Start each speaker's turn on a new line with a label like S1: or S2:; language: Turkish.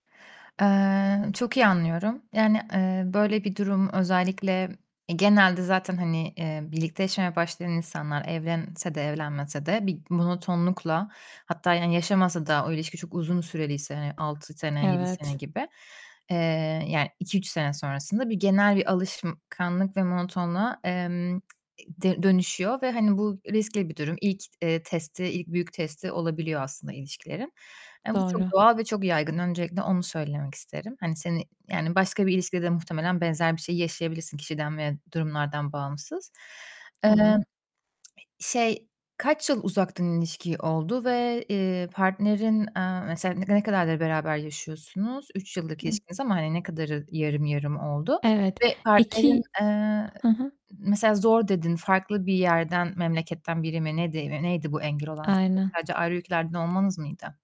S1: Eee, çok iyi anlıyorum. Yani, eee, böyle bir durum özellikle genelde zaten, hani, eee, birlikte yaşamaya başlayan insanlar evlense de evlenmese de bir monotonlukla, hatta yani yaşamasa da o ilişki çok uzun süreliyse hani 6 sene, 7 sene
S2: Evet.
S1: gibi, eee, yani 2-3 sene sonrasında bir genel bir alışkanlık ve monotonluğa, emm, d dönüşüyor ve hani bu riskli bir durum. İlk, eee, testi, ilk büyük testi olabiliyor aslında ilişkilerin. Eee, bu çok
S2: Doğru.
S1: doğal ve çok yaygın. Öncelikle onu söylemek isterim. Hani seni Yani başka bir ilişkide de muhtemelen benzer bir şeyi yaşayabilirsin kişiden veya durumlardan bağımsız. Eee, e
S2: Tama
S1: şey, kaç yıl uzaktan ilişki oldu ve, eee, partnerin, eee, mesela ne ne kadardır beraber yaşıyorsunuz? 3 yıllık
S2: Hı.
S1: ilişkiniz ama hani ne kadarı yarım yarım oldu
S2: Evet,
S1: ve partnerin,
S2: 2
S1: eee,
S2: Hı hı.
S1: mesela zor dedin, farklı bir yerden, memleketten biri mi nedi neydi bu engel olan şey?
S2: Aynen.
S1: Sadece ayrı ülkelerden olmanız mıydı?